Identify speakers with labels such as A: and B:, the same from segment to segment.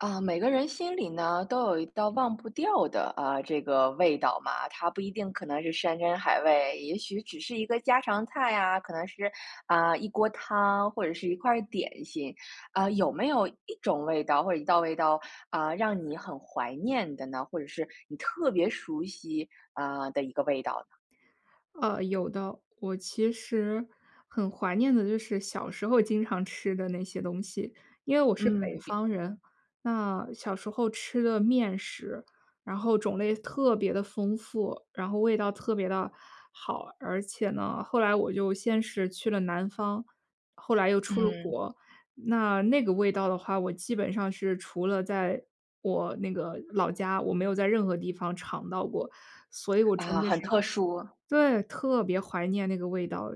A: 啊，每个人心里呢，都有一道忘不掉的，呃，这个味道嘛。它不一定可能是山珍海味，也许只是一个家常菜啊，可能是，啊，一锅汤或者是一块儿点心。呃，有没有一种味道或者一道味道，呃，让你很怀念的呢？或者是你特别熟悉，呃，的一个味道呢？
B: 呃，有的。我其实很怀念的就是小时候经常吃的那些东西。因为我是北
A: 嗯，比
B: 方人，那小时候吃的面食，然后种类特别地丰富，然后味道特别地好。而且呢，后来我就先是去了南方，后来又出了
A: 嗯。
B: 国。那那个味道的话，我基本上是除了在我那个老家，我没有在任何地方尝到过。所以我真
A: 啊，
B: 的
A: 很
B: 是很
A: 特殊。
B: 对，特别怀念那个味道，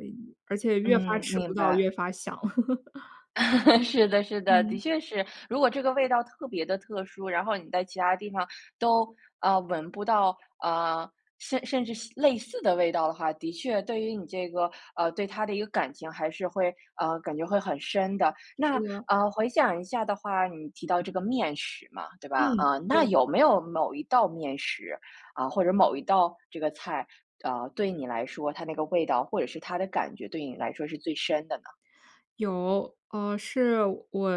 B: 而且越发
A: 嗯，
B: 吃不
A: 明
B: 到越
A: 白。
B: 发想。
A: 是的是的，的
B: 嗯。
A: 确是。如果这个味道特别地特殊，然后你在其他地方都，呃，闻不到，呃，甚甚至西类似的味道的话，的确对于你这个，呃，对它的一个感情还是会，呃，感觉会很深的。
B: 是
A: 那，
B: 的。
A: 呃，回想一下的话，你提到这个面食嘛，对
B: 嗯，
A: 吧？呃，
B: 是
A: 那
B: 的。
A: 有没有某一道面食，呃，或者某一道这个菜，呃，对你来说，它那个味道或者是它的感觉，对你来说是最深的呢？
B: 有，呃，是我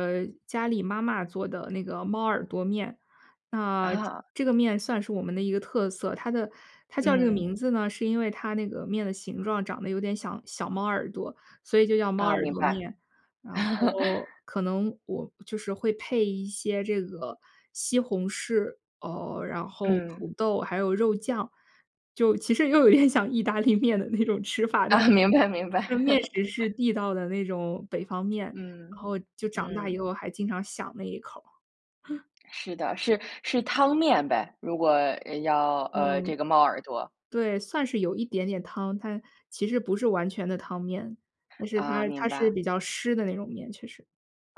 B: 家里妈妈做的那个猫耳朵面。那
A: 啊。
B: 这个面算是我们的一个特色，它的它叫这个
A: 嗯。
B: 名字呢，是因为它那个面的形状长得有点像小猫耳朵，所以就叫猫
A: 啊，
B: 耳
A: 明
B: 朵
A: 白。
B: 面。然后 可能我就是会配一些这个西红柿，哦，然后
A: 嗯。
B: 土豆，还有肉酱。就其实又有点像意大利面的那种吃法，但
A: 啊，明白明白。
B: 是面食是 地道的那种北方面，
A: 嗯，
B: 然后就长大以
A: 嗯。
B: 后还经常想那一口儿。
A: 是的，是是汤面呗？如果，呃，要呃，
B: 嗯，
A: 这个猫耳朵。
B: 对，算是有一点点汤，但其实不是完全的汤面。但是它
A: 啊，明
B: 它是
A: 白。
B: 比较湿的那种面，确实。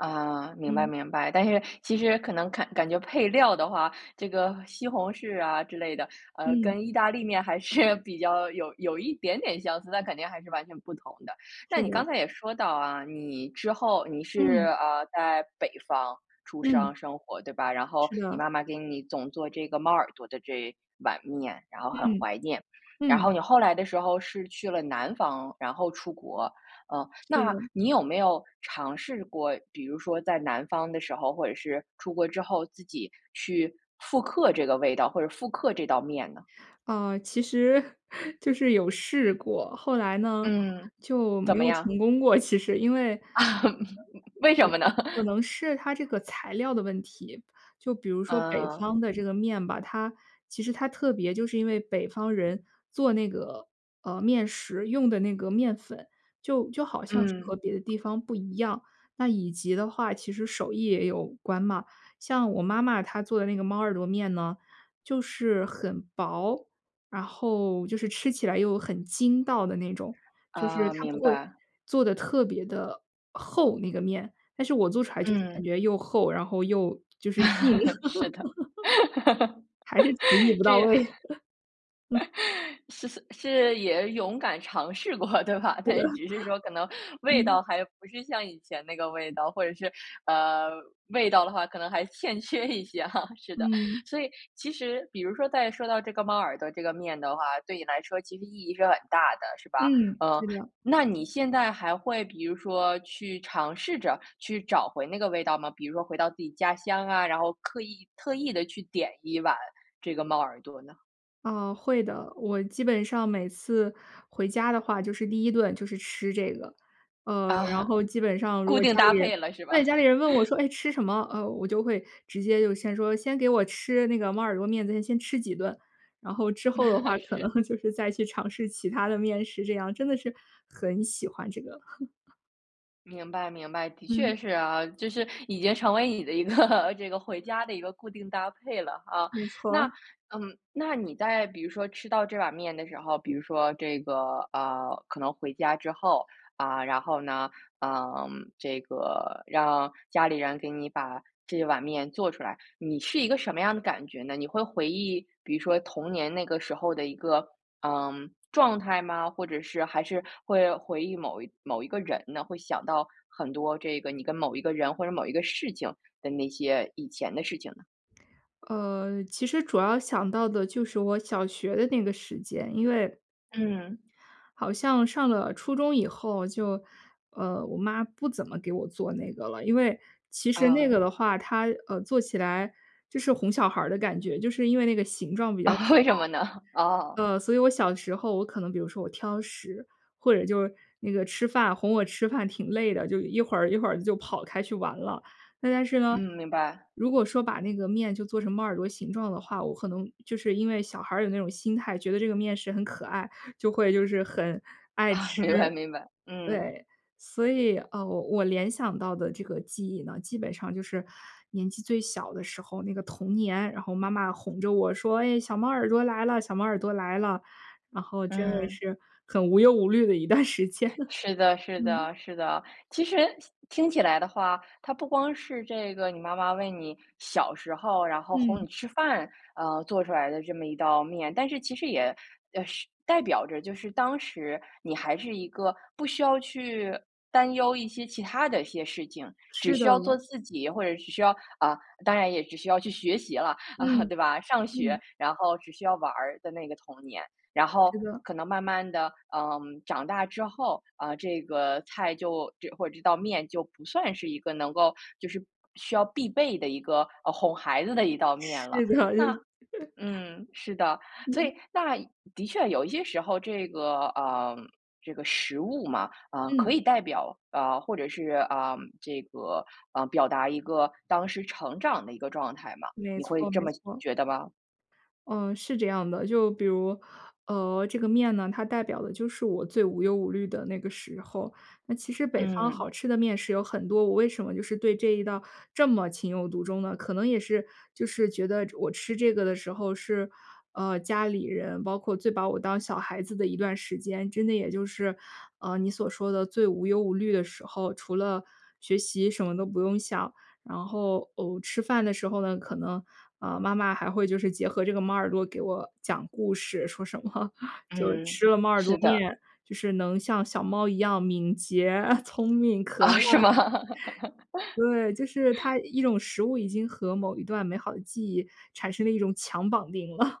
A: 啊，明白
B: 嗯。
A: 明白。但是其实可能看感觉配料的话，这个西红柿啊之类的，呃，
B: 嗯。
A: 跟意大利面还是比较有有一点点相似，但肯定还是完全不同的。那
B: 是
A: 你刚
B: 的。
A: 才也说到啊，你之后你是
B: 嗯。
A: 啊，在北方出
B: 嗯。
A: 生，生活对吧？然后，
B: 是
A: 你
B: 的。
A: 妈妈给你总做这个猫耳朵的这碗面，然后很
B: 嗯，
A: 怀念，然
B: 嗯。
A: 后你后来的时候是去了南方，然后出国。呃，
B: 是
A: 那
B: 的。
A: 你有没有尝试过比如说在南方的时候，或者是出国之后自己去复刻这个味道或者复刻这道面呢？
B: 啊，其实，就是有试过，后来呢，
A: 嗯，
B: 就没
A: 怎
B: 有
A: 么样？
B: 成功过，其实，因为
A: 啊，为什么呢？
B: 可能是它 这个材料的问题，就比如说北
A: 呃。
B: 方的这个面吧，它其实它特别就是因为北方人做那个，呃，面食用的那个面粉，就就好像是
A: 嗯。
B: 和别的地方不一样。那以及的话其实手艺也有关嘛，像我妈妈她做的那个猫耳朵面呢，就是很薄，然后就是吃起来又很筋道的那种，就是
A: 啊，
B: 她不
A: 明
B: 会
A: 白。
B: 做得特别的厚，那个面，但是我做出来就是感
A: 嗯。
B: 觉又厚，然后又就是硬。
A: 是的。
B: 还是厨艺不到
A: 这样
B: 位。啊。
A: 是是是也勇敢尝试过对吧，
B: 对
A: 但
B: 的。
A: 是只是说可能 味
B: 嗯。
A: 道还不是像以前那个味道，或者是，呃味道的话可能还欠缺一些啊，是的。
B: 嗯。
A: 所以其实比如说在说到这个猫耳朵这个面的话，对你来说其实意义是很大的，是吧？
B: 嗯，
A: 嗯，
B: 是的。
A: 那你现在还会比如说去尝试着去找回那个味道吗？比如说回到自己家乡啊，然后刻意特意地去点一碗这个猫耳朵呢？
B: 啊，会的。我基本上每次回家的话就是第1顿就是吃这个。呃，然
A: 啊。
B: 后基本上如
A: 固
B: 果
A: 定
B: 家
A: 搭
B: 里人
A: 配了是吧？
B: 对，家里人问我 说：“哎，吃什么？”呃我就会直接就先说：“先给我吃那个猫耳朵面，咱先吃几顿。“然后之后的 话可能
A: 是。
B: 就是再去尝试其它的面食这样，真的是，很喜欢这个。
A: 明白明白，的确
B: 嗯。
A: 是啊。就是已经成为你的一个这个回家的一个固定搭配了啊。
B: 没
A: 那
B: 错。
A: 嗯，那你在比如说吃到这碗面的时候，比如说这个，呃，可能回家之后，啊，然后呢，嗯，这个让家里人给你把这碗面做出来，你是一个什么样的感觉呢？你会回忆比如说童年那个时候的一个，嗯，状态吗？或者是还是会回忆某一某一个人呢？会想到很多这个你跟某一个人或者某一个事情的那些以前的事情呢？
B: 呃，其实主要想到的就是我小学的那个时间。因为
A: 嗯。
B: 好像上了初中以后就，呃，我妈不怎么给我做那个了。因为其实那
A: 啊。
B: 个的话，她呃，做起来就是哄小孩儿的感觉，就是因为那个形状比较可
A: 为什么呢？哦。
B: 爱。呃，所以我小时候我可能比如说我挑食，或者就是那个吃饭哄我吃饭挺累的，就一会儿一会儿就跑开去玩了。那但是呢，
A: 嗯，明白。
B: 如果说把那个面就做成猫耳朵形状的话，我可能就是因为小孩儿有那种心态，觉得这个面食很可爱，就会就是很爱吃。
A: 明白明白。嗯。
B: 对。所以，呃，我我联想到的这个记忆呢，基本上就是年纪最小的时候，那个童年。然后妈妈哄着我说：”哎，小猫耳朵来了，小猫耳朵来了。“然后真的
A: 嗯。
B: 是很无忧无虑的一段时间了。
A: 是的是
B: 嗯。
A: 的是的。其实听听起来的话，它不光是这个你妈妈为你小时候，然后哄
B: 嗯。
A: 你吃饭，呃，做出来的这么一道面。但是其实也呃是代表着，就是当时你还是一个不需要去担忧一些其它的一些事情，只
B: 是
A: 需
B: 的。
A: 要做自己或者是只需要啊，当然也只需要去学习了，啊，
B: 嗯。
A: 对吧？上
B: 嗯。
A: 学，然后只需要玩儿的那个童年。然后
B: 是的。
A: 可能慢慢地，嗯，长大之后啊这个菜就这或者这道面就不算是一个能够就是需要必备的一个，呃，哄孩子的一道面了。
B: 是的，就
A: 那嗯，是的。所
B: 嗯。
A: 以那的确有一些时候这个嗯，这个食物嘛，啊，可
B: 嗯。
A: 以代表呃，或者是呃，这个呃，表达一个当时成长的一个状态嘛。
B: 没
A: 你会
B: 错
A: 这
B: 没
A: 么
B: 错。
A: 觉得吗？
B: 嗯，是这样的。就比如，呃，这个面呢，它代表的就是我最无忧无虑的那个时候。那其实北方
A: 嗯。
B: 好吃的面食有很多，我为什么就是对这一道这么情有独钟呢？可能也是就是觉得我吃这个的时候是，呃，家里人包括最把我当小孩子的一段时间。真的也就是，呃，你所说的最无忧无虑的时候，除了学习什么都不用想。然后，哦，吃饭的时候呢，可能，啊，妈妈还会就是结合这个猫耳朵给我讲故事。说什么就
A: 嗯，
B: 吃了猫耳朵
A: 是的。
B: 面，就是能像小猫一样敏捷，聪明可爱。
A: 啊，是吗？
B: 对。就是它 一种食物已经和某一段美好的记忆产生了一种强绑定了。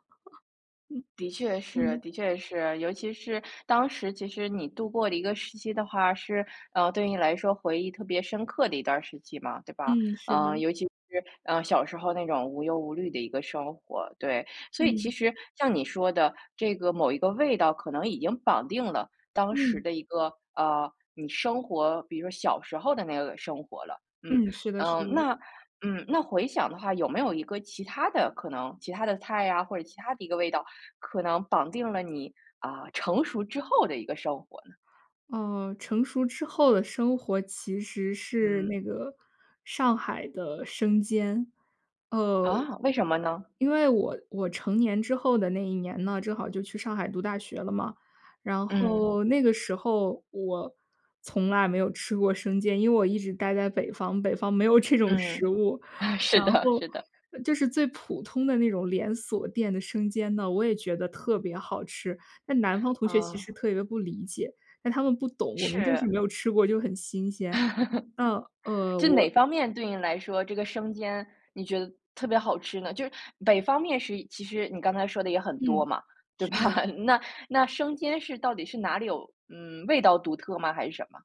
A: 的确
B: 嗯。
A: 是
B: 嗯。
A: 的确是。尤其是当时其实你度过了一个时期的话是，呃，对你来说回忆特别深刻的一段时期嘛，对吧？
B: 嗯，是
A: 嗯，
B: 的。
A: 尤其是，嗯，小时候那种无忧无虑的一个生活，对。所以其
B: 嗯。
A: 实像你说的这个某一个味道可能已经绑定了当时
B: 嗯。
A: 的一个，呃，你生活比如说小时候的那个生活了。嗯。
B: 嗯，是的是
A: 嗯，
B: 的。
A: 那嗯，那回想的话有没有一个其它的可能其它的菜呀，或者其它的一个味道，可能绑定了你，啊，成熟之后的一个生活呢？
B: 嗯，成熟之后的生活其实是
A: 嗯。
B: 那个上海的生煎。呃，
A: 啊，为什么呢？
B: 因为我我成年之后的那一年呢，正好就去上海读大学了嘛。然
A: 嗯。
B: 后那个时候我从来没有吃过生煎，因为我一直待在北方，北方没有这种食
A: 嗯，
B: 物。
A: 啊，是
B: 然
A: 的
B: 后
A: 是的。
B: 就是最普通的那种连锁店的生煎呢，我也觉得特别好吃。但南方同学其
A: 啊。
B: 实特别不理解。那他们不懂，我们就是没
A: 是。
B: 有吃过，就很新鲜。呃，呃，
A: 就哪
B: 我
A: 方面对你来说，这个生煎你觉得特别好吃呢？就是北方面食其实你刚才说的也很多
B: 嗯，
A: 嘛，对吧？
B: 是的。
A: 那那生煎是到底是哪里有嗯，味道独特吗？还是什么？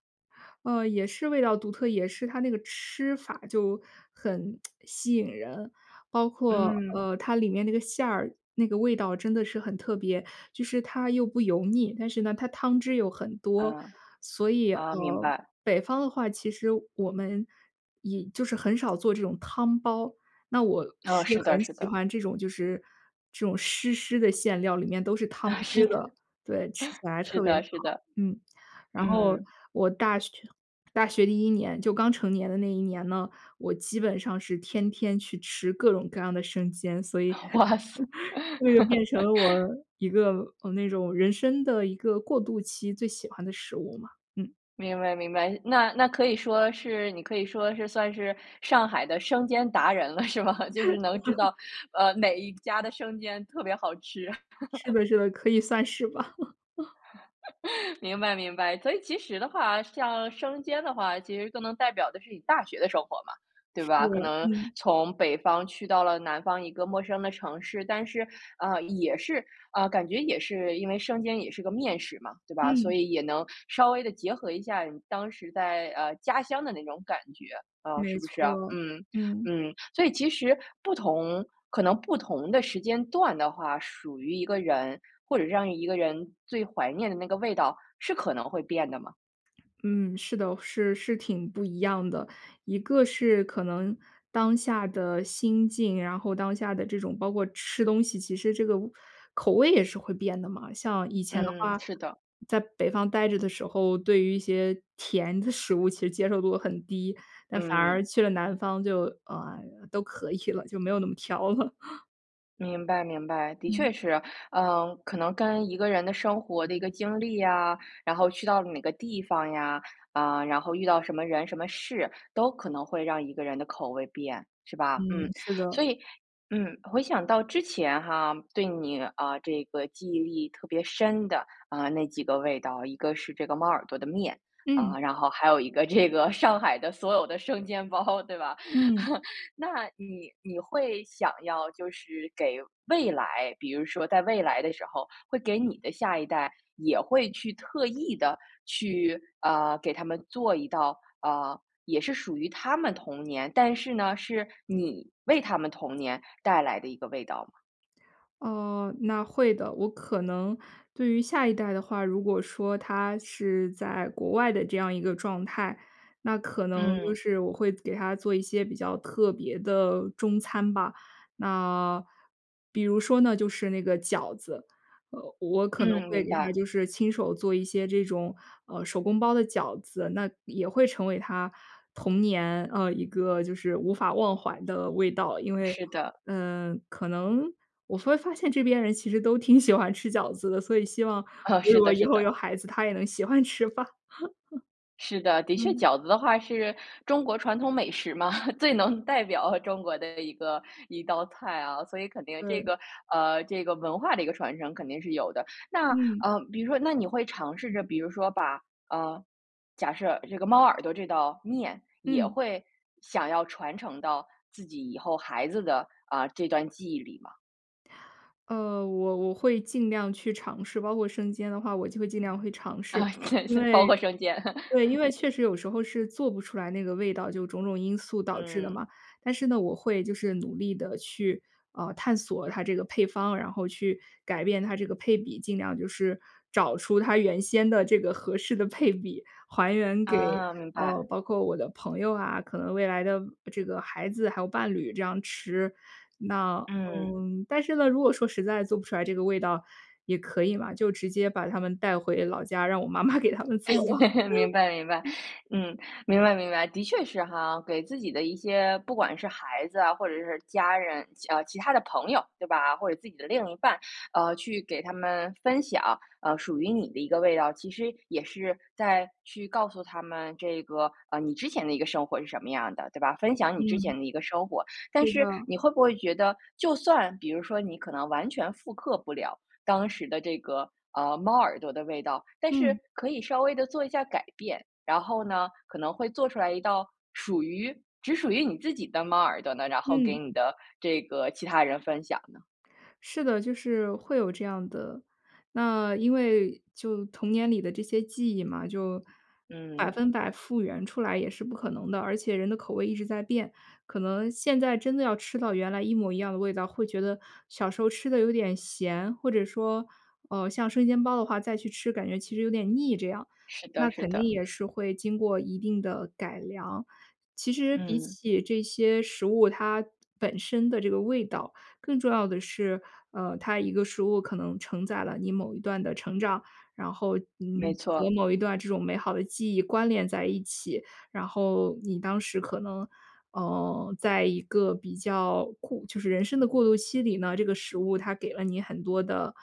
B: 呃，也是味道独特，也是它那个吃法就很 吸引人。包括，
A: 嗯。
B: 呃，它里面那个馅儿，那个味道真的是很特别。就是它又不油腻，但是呢，它汤汁又很多。
A: 嗯。
B: 所以，
A: 啊，明
B: 呃，
A: 白。
B: 北方的话，其实我们也就是很少做这种汤包，那我
A: 啊，
B: 是
A: 是的
B: 很
A: 是
B: 喜
A: 的。
B: 欢这种就是这种湿湿的馅料里面都是汤
A: 啊，是
B: 汁
A: 的。
B: 的。对，吃起 来特
A: 是
B: 别好，
A: 的是的。
B: 嗯。然后
A: 嗯。
B: 我大学大学第一年，就刚成年的那一年呢，我基本上是天天去吃各种各样的生煎。所以
A: 啊，哇塞。
B: 这个就变成了我 一个呃，那种人生的一个过渡期最喜欢的食物嘛。嗯。
A: 明白明白。那那可以说是你可以说是算是上海的生煎达人了是吧？就是能知 道，呃，哪一家的生煎特别好吃。
B: 是 的是的，可以算是吧。
A: 明白明白。所以其实的话，像生煎的话，其实更能代表的是你大学的生活嘛，对
B: 是，
A: 吧？可能
B: 嗯。
A: 从北方去到了南方一个陌生的城市，但是，呃，也是呃，感觉也是因为生煎也是个面食嘛，对吧？所
B: 嗯。
A: 以也能稍微地结合一下你当时在，呃，家乡的那种感觉，呃，
B: 没
A: 是不是啊？
B: 错，
A: 嗯，
B: 嗯。
A: 嗯。所以其实不同可能不同的时间段的话，属于一个人，或者是让一个人最怀念的那个味道，是可能会变的吗？
B: 嗯，是的，是是挺不一样的。一个是可能当下的心境，然后当下的这种包括吃东西，其实这个味口味也是会变的嘛。像以前的
A: 嗯，
B: 话，
A: 是的。
B: 在北方待着的时候，对于一些甜的食物其实接受度很低。但反
A: 嗯。
B: 而去了南方就，呃，都可以了，就没有那么挑了。
A: 明白明白，的
B: 嗯。
A: 确是。嗯，可能跟一个人的生活的一个经历啊，然后去到了哪个地方呀，呃，然后遇到什么人、什么事，都可能会让一个人的口味变，是吧？
B: 嗯，
A: 嗯，
B: 是的。
A: 所以嗯，回想到之前哈，对你，呃，这个记忆力特别深的，呃，那几个味道，一个是这个猫耳朵的面，
B: 嗯。
A: 呃，然后还有一个这个上海的所有的生煎包，对吧？
B: 嗯。
A: 那你你会想要就是给未来比如说在未来的时候，会给你的下一代也会去特意地去，呃，给他们做一道，呃，也是属于他们童年，但是呢，是你为他们童年带来的一个味道吗？
B: 哦，那会的。我可能对于下一代的话，如果说他是在国外的这样一个状态，那可能就
A: 嗯。
B: 是我会做给他做一些比较特别的中餐吧。那比如说呢，就是那个饺子。呃，我可能
A: 嗯，
B: 会
A: 明
B: 给他
A: 白。
B: 就是亲手做一些这种，呃，手工包的饺子。那也会成为他童年，呃，一个就是无法忘怀的味道。因为，
A: 是的。
B: 嗯，可能我突然发现这边人其实都挺喜欢吃饺子的，所以希望
A: 啊，
B: 我如
A: 是
B: 果
A: 的
B: 以
A: 是
B: 后
A: 的。
B: 有孩子，他也能喜欢吃吧。
A: 是的，的确
B: 嗯。
A: 饺子的话是中国传统美食嘛，最能代表中国的一个一道菜啊，所以肯定这
B: 对。
A: 个，呃，这个文化的一个传承肯定是有的。那，
B: 嗯。
A: 呃，比如说那你会尝试着比如说把呃，假设这个猫耳朵这道面，也
B: 嗯。
A: 会想要传承到自己以后孩子的，呃，这段记忆里吗？
B: 呃，我我会尽量去尝试，包括生煎的话我就会尽量会尝试。
A: 啊，真
B: 因
A: 是
B: 为
A: 包括生煎。
B: 对，因为 确实有时候是做不出来那个味道，就种种因素导致的嘛。
A: 嗯。
B: 但是呢，我会就是努力地去，呃，探索它这个配方，然后去改变它这个配比，尽量就是找出它原先的这个合适的配比，还原给，
A: 啊，明
B: 呃，
A: 白。
B: 包括我的朋友啊，可能未来的未这个孩子还有伴侣这样吃。那
A: 嗯。
B: 嗯，但是呢，如果说实在做不出来这个味道也可以嘛，就直接把他们带回老家，让我妈妈给他们做了。
A: 明白明白，嗯，明白明白。的确是哈，给自己的一些不管是孩子啊，或者是家人，家呃，其他的朋友，对吧，或者自己的另一半，呃，去给他们分享，呃，属于你的一个味道。其实也是在去告诉他们这个，呃，你之前的一个生活是什么样的，对吧，分享你之前
B: 嗯。
A: 的一个生活。但
B: 是
A: 是
B: 的。
A: 你会不会觉得，就算比如说你可能完全复刻不了当时的这个，呃，猫耳朵的味道，但是
B: 嗯。
A: 可以稍微地做一下改变，然后呢，可能会做出来一道属于只属于你自己的猫耳朵呢，然后给
B: 嗯。
A: 你的这个其他人分享呢？
B: 是的，就是会有这样的。那因为就童年里的这些记忆嘛，就百
A: 嗯。
B: 分百复原出来也是不可能的。而且人的口味一直在变，可能现在真的要吃到原来一模一样的味道，会觉得小时候吃得有点咸，或者说，呃，像生煎包的话，再去吃感觉其实有点腻这样，
A: 是
B: 那
A: 的是
B: 肯定
A: 的。
B: 也是会经过一定的改良。其实比
A: 嗯。
B: 起这些食物它本身的这个味道，更重要的是，呃，它一个食物可能承载了你某一段的成长，然后，嗯，
A: 没
B: 和
A: 错。
B: 某一段的这种美好的记忆关联在一起。然后你当时可能，呃，在一个比较过就是人生的过渡期里呢，这个食物它给了你很多的，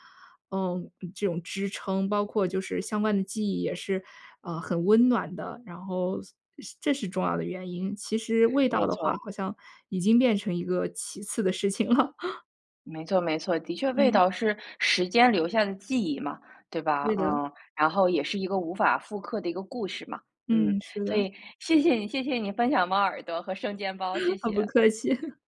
B: 呃，嗯，这种支撑。包括就是相关的记忆也是，呃，很温暖的。然后所是这是重要的原因，其实味道
A: 没
B: 的话
A: 错。
B: 好像已经变成一个其次的事情了。
A: 没错没错，的确味
B: 嗯。
A: 道是时间留下的记忆嘛，对吧？
B: 对的。
A: 嗯，然后也是一个无法复刻的一个故事嘛，嗯。
B: 嗯，是
A: 所
B: 的。
A: 以谢谢你，谢谢你分享猫耳朵和生煎包，谢
B: 好，不
A: 谢。
B: 客气。